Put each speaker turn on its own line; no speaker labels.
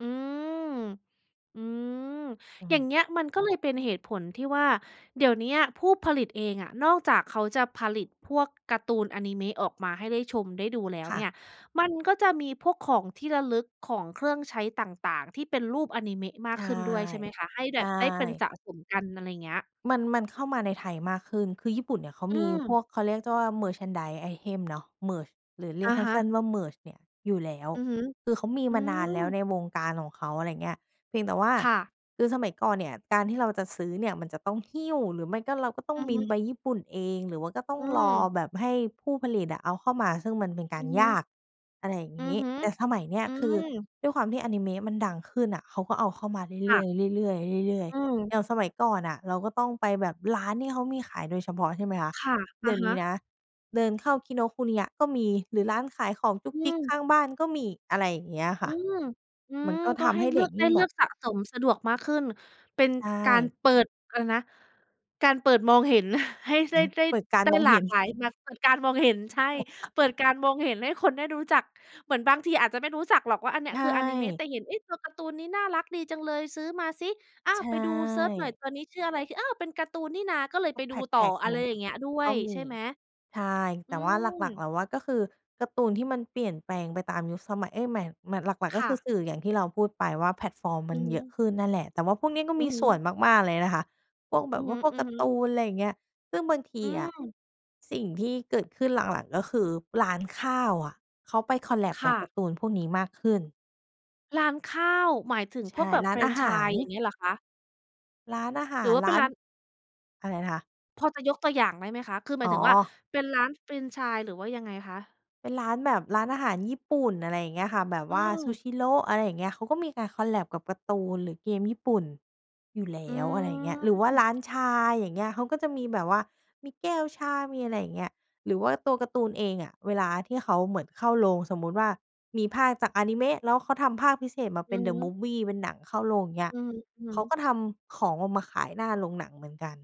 อืม อืม
อื
อย่าง
ม
เงี้ยมัน ก็เลยเป็นเหตุผลที่ว่า เดี๋ยวเนี้ยผู้ผลิตเองอะนอกจากเขาจะผลิตพวกการ์ตูนอานิเมะออกมาให้ได้ชม ได้ดูแล้ว
ค่
เนี่
ะ
ย มันก็จะมีพวกของที่ระลึก ของเครื่องใช้ต่าง ๆ ที่เป็นรูปอานิเมะม
ใ
า
ช
ก
่
ขึ้นด้วยใช่ไหมคะ? ให้
ใ
แ
ช
บบได้เป็น
่
สะสมกัน อะไรเงี้ย
มัน มันเข้ามาในไทยมากขึ้น คือญี่ปุ่นเนี่ยเขา
อื
มีพ
ม
วก เขาเรียกได้ว่า Merchandise items เนาะ Merch หรือเรี
อ
ยก
ะ
สั
ฮ
้น
ะ
ๆ ว่า "Merch" เนี่ยอยู่แล้ว
อือฮึ
คือเขามี
อื
มานานแล้ว
ม
ในวงการของเขา อะไรเงี้ย เพียงแต่ว่า
ค่ะ
คือสมัยก่อนเนี่ย การที่เราจะซื้อเนี่ยมันจะต้องหิ้ว หรือไม่ก็เราก็ต้อง
อือ
บิ
ฮ
น
ึ
ไปญี่ปุ่นเอง หรือว่าก็ต้อ
อ
ง
ื
รอ
ม
แบบให้ผู้ผลิตอะเอาเข้ามา ซึ่งมันเป็นก
อ
า
ื
ร
อฮ
ยา
ึ
ก อะไรอย่าง
อื
ง
อ
ี้
ฮึ
แต่สมัยเนี้ย
อื
คือ
ม
ด้วยความที่อานิเมะมันดังขึ้นน่ะ เขาก็เอาเข้ามาเร
ค
ื
่
่
ะ
อย ๆ เรื่อย ๆ เรื่อย
อืม
ๆ อย่างสมัยก่อนน่ะ เราก็ต้องไปแบบร้านที่เขามีขายโดยเฉพาะ ใช่ไหมคะ
ค่ะ
เ
อ
ดี๋
ะ
ยว
ฮ
นี้น
ะ
ะเดินเข้า Kinokuniya ก็มี หรือร้านขายของจุ๊
อ
ก
ื
จิ๊ก
ม
ข้างบ้านก็มี อะไรอย่างเงี้ยค
อ
่
ื
ะ
ม อื
มัน
อ
ก็
ก
ท
็ใ
ำ
ห้
ให้
เล
เ
ื
ด็
อ
ก
ก ไ
ย
ด
ิ
้
่ง
เ
แ
ล
บ
ื
บ
อกสะสมสะดวกมากขึ้น เป็น
ใช
การ
่
เปิด อะไรนะ การเปิดมองเห็นให้ได้ ได้
เปิดการ
ได้
มอง
หล
เ
า
ห็
ก
น
หลายมาก เปิดการมองเห็น ใช่ เปิดการมองเห็นให้คนได้รู้จัก เหมือนบางทีอาจจะไม่รู้จักหรอกว่าอันเนี
ใ
้
ช
ยคืออานิเมะ
่
แต่เห็น เอ๊ะ ตัวการ์ตูนนี้น่ารักดีจังเลยซื้อมาซิ อ้า
ใช
ว ไปดู เซิร์ชหน่อย
่
ตัวนี้คือออะไร อ้าว เป็นการ์ตูนนี่นาก็เลย
ก
ไ
็
ป
แ
ดูต
พ
่อ
็ก
อ
ๆ
ะ
ล
ไร
ง
อย
ก
่างเงี้ยด้ว
ก็
ย
ม
ใช
ี
่ไหม?
ใช่
อื
แต่ว่าหลัก ๆ
ม
เราว่า ก็คือการ์ตูนที่มันเปลี่ยนแปลงไปตามยุคสมัย เอ๊ย หมาย หมาบ หลัก ๆ
ค
ก็ค
่
ือ
ะ
สื่อ อย่างที่เราพูดไปว่าแพลตฟอร์มม
อ
ั
ื
น
อฮ
เยอะ
ึ
ขึ้นนั่นแหละ แต่ว่าพวกเนี้ยก็
อ
ม
ื
ี
อฮึ
ส่วนมาก ๆ เลยนะคะ พวกแบ
อื
บ
อ
ว่าพวกการ
ฮ
์
ึ
ต
ๆ
ูน อะไรเงี้ย ซึ่งบางที
อื
อะ
ม
สิ่งที่เกิดขึ้นหลัง ๆ ก็คือร้านข้าวอะเขาไป คอลแลบ
ค
กับ
่
ก
ะ
าร์ตูนพวกนี้มากขึ้น
ร้านข้าว หมายถึง
ใช
พว
่
กแบบ
ร้
แ
า
ฟ
น
ร
อ
น
าห
ไช
า
ส
ร
์ อย่างเงี้ยเหรอคะ?
ร้านอาห
ห
า
รื
ร
อว่าเ
ร
ป็
้
น
า
ร
น
้าน
อะไรนะคะ?
พอจะยกตัวอย่างได้ไหมคะ? คือหม
อ๋
ายถึงว่า
อ
เป็นร้านแฟรนไชส์หรือว่ายังไงคะ?
เป็นร้านแบบร้านอาหารญี่ปุ่น อะไรอย่างเงี้ยค่ะ แบบ
อื
ว่า
ม
Shushiro อะไรอย่างเงี้ย เขาก็มีการ คอลแลบ กับการ์ตูน หรือเกมญี่ปุ่นอยู่แล
อ
้
ื
ว อะไรอย่างเงี้ย หรือว่าร้า
ม
นชา อย่างเงี้ย เขาก็จะมีแบบว่ามีแก้วชา มีอะไรอย่างเงี้ย หรือว่าตัวการ์ตูนเองอะเวลาที่เขาเหมือนเข้าโรง สมมุติว่ามีภาคจากอานิเมะ แล้วเขาทำภาคพิเศษมาเ
อ
ป็
ื
น
อฮ
The
ึ
Movie เป็นหนังเข้าโรง อย่างเงี้ย
อือฮึ
เขา
ๆ
ก็ทำของออกมาขายหน้าโรงหนังเหมือนกัน